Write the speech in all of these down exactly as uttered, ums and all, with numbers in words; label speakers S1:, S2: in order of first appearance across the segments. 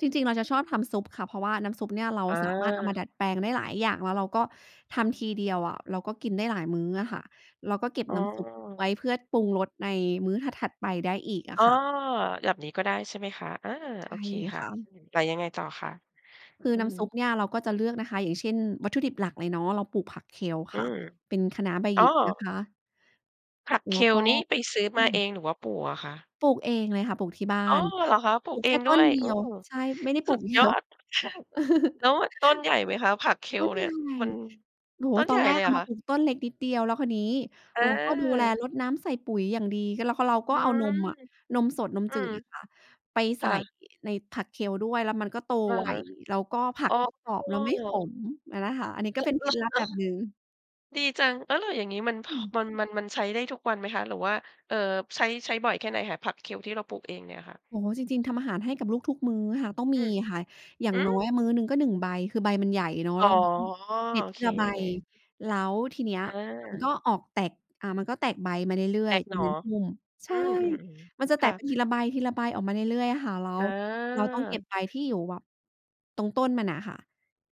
S1: จริง ๆ เราจะชอบทำซุปค่ะ เพราะว่าน้ำซุปเนี่ยเรา
S2: อ
S1: สามารถเอามา
S2: า
S1: ดัดแปลงได้หลายอย่าง แล้วเราก็ทำทีเดียวอะ เราก็กินได้หลายมื้ออะค่ะ เราก็เก็บ
S2: อ๋อ
S1: น้ำซุปไว้เพื่อปรุงรสในมื้อถัด ๆ ไปได้อีกอ
S2: อ
S1: ะ
S2: ๋อ
S1: ค่ะ
S2: แบบนี้ก็ได้ ใช่ไหมคะ อา
S1: ใช
S2: โอ
S1: ่
S2: เคค่
S1: ค
S2: ะ
S1: ่ะ
S2: แต่ยังไงต่อคะ?
S1: คือ
S2: อื
S1: น
S2: อ
S1: ้
S2: ฮ
S1: ำซุป
S2: ึ
S1: เนี่ยเราก็จะเลือกนะคะ อย่างเช่น วัตถุดิบหลักเลยเนาะ เราปลูกผัก Kale
S2: อื
S1: ค่ะ
S2: ม
S1: เป็นคะน้าใบ
S2: อ
S1: ห
S2: ๋
S1: ย
S2: อ
S1: ิกนะคะ
S2: ผัก
S1: แล้วก
S2: Kale
S1: ็
S2: นี้ไปซื้อ
S1: อ
S2: ม
S1: ื
S2: า
S1: ม
S2: เองหรือว่าปลูกอะคะ?
S1: ปลูกเองเลยค่ะ ปลูกที่บ้า
S2: อ๋อ
S1: น
S2: เหรอคะ? ปลู
S1: ปลู
S2: ก
S1: ก
S2: เอ
S1: แค่
S2: งด
S1: ต
S2: ้
S1: ้
S2: ว
S1: น
S2: ย
S1: เดี
S2: โอ้
S1: ยว ใช่ ไม่ได้ป
S2: ส
S1: ลู
S2: ุด
S1: ก เย
S2: ย
S1: อ
S2: อ
S1: ะ
S2: ดเลย ค่ะ แล้วมันต้นใหญ่ไหมคะ ผัก
S1: ต้
S2: Kale
S1: น
S2: เ
S1: ใ
S2: น
S1: ห
S2: ี
S1: ญ
S2: ่ย
S1: ่
S2: มัน
S1: โอ้โฮ
S2: ต้น
S1: ต
S2: ให
S1: อ
S2: ญ
S1: น
S2: ่
S1: แร
S2: เล
S1: ก
S2: ย
S1: เ
S2: เ
S1: อ
S2: หร
S1: า
S2: อ
S1: ม
S2: ค
S1: า
S2: ะ?
S1: ปลูกต้นเล็กนิดเดียว แล้วคราวนี้เราก็ดูแล
S2: เออ
S1: รดน้ำ ใส่ปุ๋ยอย่างดี ก เรา ก เรา
S2: อื
S1: ก็เอาน
S2: ม
S1: มอะ นมสด นม
S2: อื
S1: จื
S2: ม
S1: ดอะค่ะ ไป
S2: ค
S1: ใส
S2: ่
S1: ่
S2: ะ
S1: ในผัก Kale ด้วย แล้วมันก็โต
S2: อือ
S1: ไว
S2: ฮึ
S1: แล้วก็ผั
S2: อ๋
S1: ก
S2: อ
S1: ก็กรอบ แล้วไม่ขมอะนะคะ อันนี้ก
S2: อ
S1: ็
S2: ร
S1: เป็น
S2: เห
S1: เคล็ดลับ
S2: ร
S1: แ
S2: อ?
S1: บบหนึ่ง
S2: ดีจัง แล้ว แล้วอย่างนี้มัน พ
S1: อืม
S2: มัน มัน มันใช้ได้ทุกวันไหมคะ หรือว่า เอ่อ ใช้ ใช้บ่อยแค่ไหนคะ?ผัก Kale ที่เราปลูกเองเนี่ยค่ะ
S1: โอ้โฮ จริง ๆ ทำอาหารให้กับลูกทุกมื้อค่ะ ต้องม
S2: อ
S1: ี
S2: ืม
S1: ค่ะอย่า
S2: ห
S1: ง
S2: ื
S1: น้อ
S2: อ
S1: ยอะมื้อหนึ่งก็ หนึ่ง ใบ คือใบมันใหญ่เนาะ
S2: อ๋
S1: แ
S2: อ
S1: ล้วเราก็เด็
S2: โ
S1: ด
S2: อ
S1: ท
S2: เ
S1: ี
S2: ค
S1: ละใบ แล้วทีเนี้ย
S2: เ
S1: มันก็
S2: ออ
S1: ออกแตก อ่า มันก็แตกใบมาเรื่อ
S2: แต
S1: ย
S2: ก
S1: ๆ อย
S2: ห
S1: ู
S2: น
S1: ่
S2: ่อ
S1: ในพุ่ม ใช
S2: อื
S1: ่
S2: ม
S1: ม
S2: ๆ
S1: ันจะ
S2: ๆ
S1: แต
S2: ค่
S1: กไป
S2: ะ
S1: ทีละใบ ทีละใบ ออกมาเรื่อย ๆ อะค่ะ แล้
S2: อ
S1: วเราต้องเก็
S2: า
S1: บใบที่อยู่แบบตรงต้นมันอะค่ะ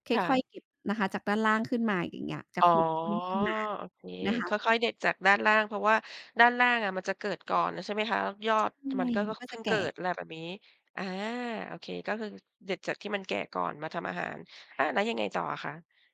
S1: ค
S2: ค่
S1: ่อย
S2: ะ
S1: ๆ เก็บนะคะ จากด้านล่างขึ้นมา อย่างเงี้ย จะ
S2: อ๋อ
S1: คลุมต้นขึ้นมา
S2: โอเค
S1: นะค
S2: ค
S1: ะ
S2: ่อย ๆ เด็ดจากด้านล่าง เพราะว่าด้านล่างอะมันจะเกิดก่อนแล้วใช่ไหมคะ แล้วยอ
S1: ใช
S2: ด
S1: ่
S2: มันก็ ค
S1: มันก็
S2: เพ
S1: จ
S2: ิ
S1: ะ
S2: ่ง
S1: แก
S2: เกิ
S1: ่
S2: ด อะไรแบบนี้ อา โอเค ก็คือเด็ดจากที่มันแก่ก่อนมาทำอาหาร อา แล้วยังไงต่ออะคะ?